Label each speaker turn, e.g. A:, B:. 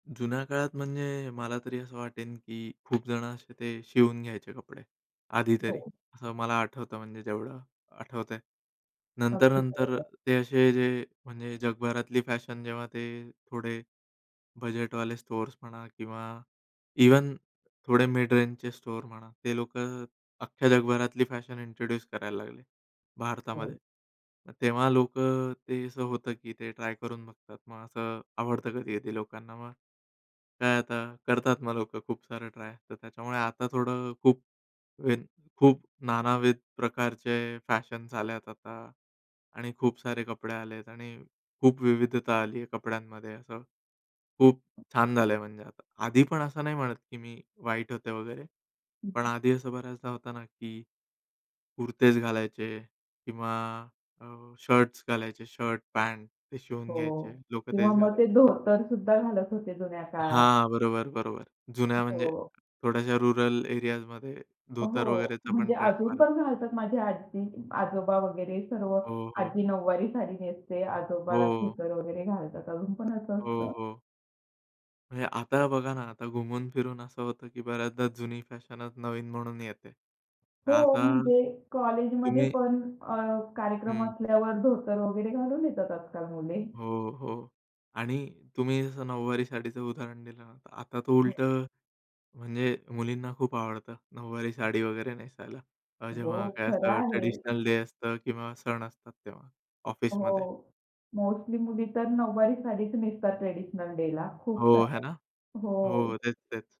A: जुन्या काळात म्हणजे मला तरी असं वाटेल, की खूप जणं असे ते शिवून घ्यायचे कपडे आधी तरी
B: हो.
A: असं मला आठवतं म्हणजे जेवढं आठवतंय.
B: अगदी
A: नंतर-नंतर
B: बरोबर.
A: ते असे जे म्हणजे जगभरातली फॅशन जेव्हा ते थोडे बजेटवाले स्टोअर्स म्हणा किंवा इव्हन थोडे मिड रेंजचे स्टोअर म्हणा, ते लोकं अख्ख्या जगभरातली फॅशन इंट्रोड्यूस करायला लागले भारतामध्ये,
B: हो.
A: मग तेव्हा लोकं अ, ते असं होतं, की ते ट्राय करून बघतात, मग असं आवडतं कधी-कधी लोकांना मग काय आता करतात मग लोकं खूप सारं ट्राय, तर त्याच्यामुळे आता थोडं अ, खूप वेन खूप नानाविध प्रकारचे फॅशन्स आलेत आता आणि खूप सारे कपडे आलेत आणि खूप विविधता आली आहे कपड्यांमध्ये असं, खूप छान झालंय म्हणजे आता. आधी पण असं नाही म्हणत की मी वाईट होते वगैरे पण
B: हं.
A: आधी असं बऱ्याचदा होतं ना, की कुर्तेच घालायचे किंवा अ, शर्ट्स घालायचे, शर्ट, पँट ते शिवून घ्यायचे
B: हो,
A: लोकं,
B: किंवा
A: तेच
B: मग
A: घालायचे.
B: ते धोतरसुद्धा घालत होते जुन्या काळात.
A: हां, बरोबर, बरोबर. जुन्या म्हणजे
B: हो.
A: थोड्याशा रुरल एरियाजमध्ये धोतर
B: हो,
A: वगैरेचा पण
B: म्हणजे
A: ट्रेंड
B: अजून
A: [unintelligible]
B: पण घालतात, माझी आजी, आजोबा वगैरे सर्व.
A: हो, हो.
B: आजी नऊवारी साडी नेसते, आजोबा
A: हो.
B: धोतर वगैरे घालतात अजून पण असं
A: हो,
B: असतं.
A: हो. म्हणजे आता बघा ना, आता घुमून फिरून असं होतं की बऱ्याचदा जुनी फॅशनच नवीन म्हणून येते. तर
B: हो,
A: आता
B: म्हणजे कॉलेजमध्ये
A: तुम्ही
B: पण अ, कार्यक्रम
A: हं.
B: असल्यावर धोतर वगैरे घालून येतात आजकाल मुले.
A: हो, हो आणि तुम्ही जसं नऊवारी साडीचं उदाहरण दिलं ना, तर आता तो
B: हो.
A: उलटं म्हणजे मुलींना खूप आवडतं नऊवारी साडी वगैरे नेसायला, अ,
B: हो,
A: जेव्हा काय
B: खरं
A: असं
B: आहे.
A: ट्रेडिशनल डे असतं किंवा सण असतात तेव्हा ऑफिसमध्ये.
B: हो, मोस्टली मुली तर नऊवारी सारीच नेसतात ट्रेडिशनल डेला खूप
A: हो, आहे
B: साऱ्या.
A: ना.
B: हो.
A: हो, तेच, तेच.